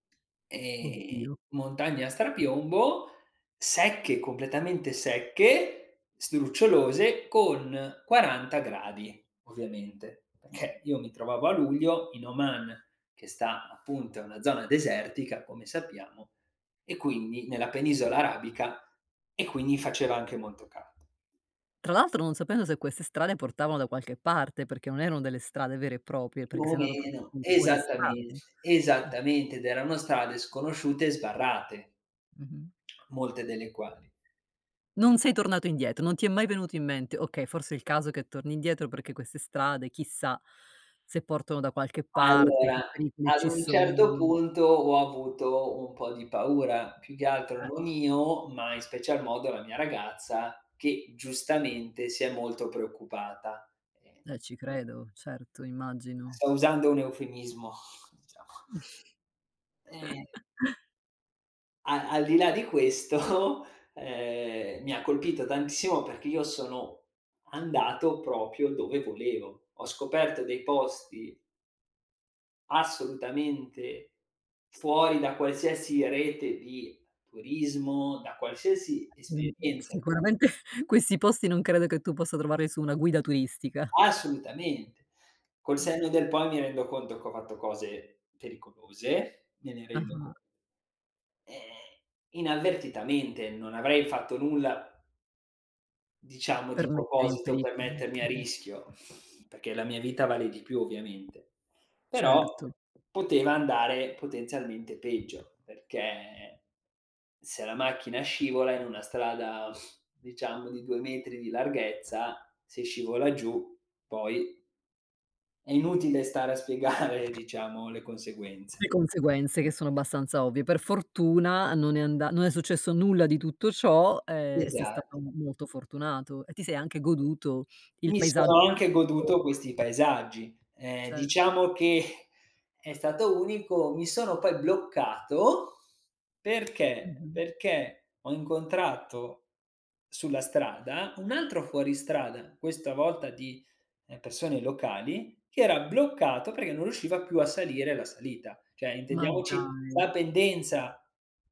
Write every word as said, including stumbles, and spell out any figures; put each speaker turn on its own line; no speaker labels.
Ehm,
Oddio.
montagne a strapiombo secche, completamente secche, sdrucciolose con quaranta gradi ovviamente, perché io mi trovavo a luglio in Oman, che sta appunto è una zona desertica come sappiamo e quindi nella penisola arabica e quindi faceva anche molto ca
Tra l'altro non sapendo se queste strade portavano da qualche parte, perché non erano delle strade vere e proprie,
Più
perché
o
sei andato proprio
meno.
tu fuori strada.
Esattamente.
Mh.
Esattamente, ed erano strade sconosciute e sbarrate,
Mh-mh.
molte delle quali
Non sei tornato indietro, non ti è mai venuto in mente: "Okay, forse è il caso che torni indietro perché queste strade chissà se portano da qualche parte, che
Allora,
pericoli
ad
ci
un certo
sono."
punto ho avuto un po' di paura, più che altro
Eh.
non io, ma in special modo la mia ragazza che giustamente si è molto preoccupata.
Eh, ci credo. Certo, immagino.
Sto usando un eufemismo dicia Ehm. A al di là di questo, ehm, mi ha colpito tantissimo perché io sono andato proprio dove volevo. Ho scoperto dei posti assolutamente fuori da qualsiasi rete di turismo, da qualsiasi
Mh,
esperienza.
sicuramente questi posti non credo che tu possa trovarli su una guida turistica.
Assolutamente. Col
Mh.
senno del poi mi rendo conto che ho fatto cose pericolose, me ne rendo con
Ah-ah.
ehm, inavvertitamente. Non avrei fatto nulla diciamo
Per
di
mettere in
proposito
peri
per
mh.
mettermi a
Mh-mh.
rischio, perché la mia vita vale di più ovviamente. Però,
Certo.
poteva andare potenzialmente peggio, perché se la macchina scivola in una strada diciamo di due metri di larghezza, se scivola giù poi è inutile stare a spiegare diciamo le conseguenze.
Le conseguenze che sono abbastanza ovvie. Per fortuna non è anda non è successo nulla di tutto ciò, ehm, e sei stato
Esatto.
m molto fortunato e ti sei anche goduto il
Mi
paesa
sono anche
[unintelligible]
goduto questi paesaggi. Ehm,
Cer
diciamo che è stato unico mi sono poi bloccato perché,
Mh-mh.
perché ho incontrato sulla strada un altro fuoristrada, questa volta di, ehm, persone locali che era bloccato perché non riusciva più a salire la salita. ceh,
Ma
intendiamoci
dai.
la pendenza.